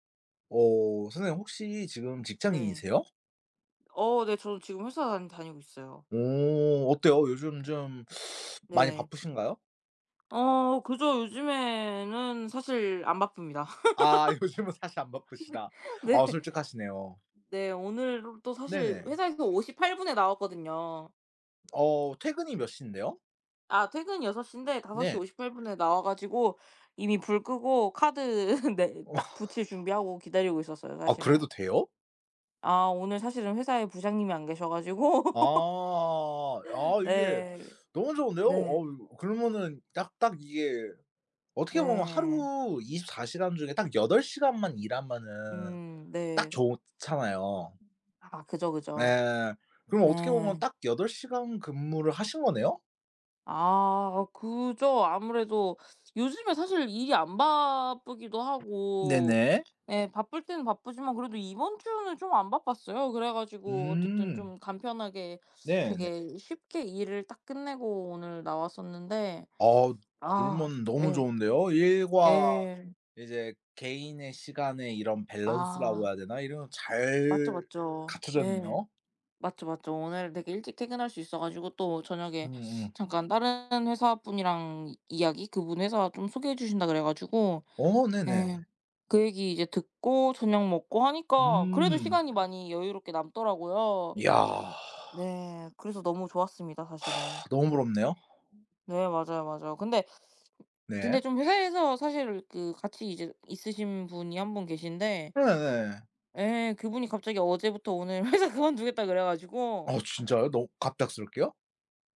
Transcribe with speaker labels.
Speaker 1: 어 선생님 혹시 지금
Speaker 2: 네.
Speaker 1: 직장인이세요?
Speaker 2: 어 네. 저는 지금 회사 다니고 있어요.
Speaker 1: 오 어때요? 요즘 좀 많이
Speaker 2: 네.
Speaker 1: 바쁘신가요?
Speaker 2: 어 그죠. 요즘에는 사실 안 바쁩니다.
Speaker 1: 아 요즘은 사실 안 바쁘시다.
Speaker 2: 네.
Speaker 1: 아
Speaker 2: 네.
Speaker 1: 솔직하시네요.
Speaker 2: 네. 오늘 또 사실
Speaker 1: 네네.
Speaker 2: 회사에서 58 분에 나왔거든요.
Speaker 1: 어 퇴근이 몇 신데요?
Speaker 2: 아 퇴근이 6:00 인데 다섯 시
Speaker 1: 네.
Speaker 2: 오십 팔분 에 나와 가지고 이미 불 끄고 카드 네. 딱
Speaker 1: 어.
Speaker 2: 붙일 준비하고 기다리고 있었어요.
Speaker 1: 아
Speaker 2: 사실은.
Speaker 1: 그래도 돼요?
Speaker 2: 아 오늘 사실은 회사에 부장님이 안 계셔 가지고
Speaker 1: 아. 아 이게
Speaker 2: 네.
Speaker 1: 너무 좋은데요?
Speaker 2: 네.
Speaker 1: 어우 그러면은 딱, 딱 이게 어떻게 보면
Speaker 2: 네.
Speaker 1: 하루 24 시간 중에 딱 8 시간만 일하면은
Speaker 2: 음
Speaker 1: 딱
Speaker 2: 네.
Speaker 1: 좋잖아요.
Speaker 2: 아 그죠, 그죠.
Speaker 1: 네. 그럼 어떻게 보면
Speaker 2: 네.
Speaker 1: 딱 8 시간 근무를 하신 거네요?
Speaker 2: 아 그죠. 아무래도 요즘에 사실 일이 안 바쁘기도 하고
Speaker 1: 네네.
Speaker 2: 예 바쁠 땐 바쁘지만 그래도 이번 주는 좀 안 바빴어요. 그래 가지고 어쨌든
Speaker 1: 음.
Speaker 2: 좀 간편하게
Speaker 1: 네네.
Speaker 2: 되게 쉽게 일을 딱 끝내고 오늘 나왔었는데
Speaker 1: 아
Speaker 2: 아
Speaker 1: 그러면 너무
Speaker 2: 예.
Speaker 1: 좋은데요. 일과
Speaker 2: 예.
Speaker 1: 이제 개인의 시간의 이런 밸런스라고
Speaker 2: 아.
Speaker 1: 해야 되나 이런
Speaker 2: 맞죠,
Speaker 1: 잘
Speaker 2: 맞죠. 예.
Speaker 1: 갖춰졌네요?
Speaker 2: 맞죠, 맞죠. 오늘 되게 일찍 퇴근할 수 있어 가지고 또 저녁에
Speaker 1: 음음.
Speaker 2: 잠깐 다른 회사 분이랑 이 이야기 그분 회사 좀 소개해 주신다 그래 가지고
Speaker 1: 어 네네.
Speaker 2: 예 그 얘기 이제 듣고 저녁 먹고 하니까 그래도
Speaker 1: 음.
Speaker 2: 시간이 많이 여유롭게 남더라고요.
Speaker 1: 이야.
Speaker 2: 네. 그래서 너무 좋았습니다 사실은.
Speaker 1: 너무 부럽네요.
Speaker 2: 네 맞아요, 맞아요. 근데,
Speaker 1: 네.
Speaker 2: 근데 좀 회사에서 사실 그 같이 이제 있으신 분이 한 분 계신데
Speaker 1: 네네.
Speaker 2: 예 그분이 갑자기 어제부터 오늘 회사 그만두겠다 그래 가지고
Speaker 1: 아 진짜요? 너 갑작스럽게요?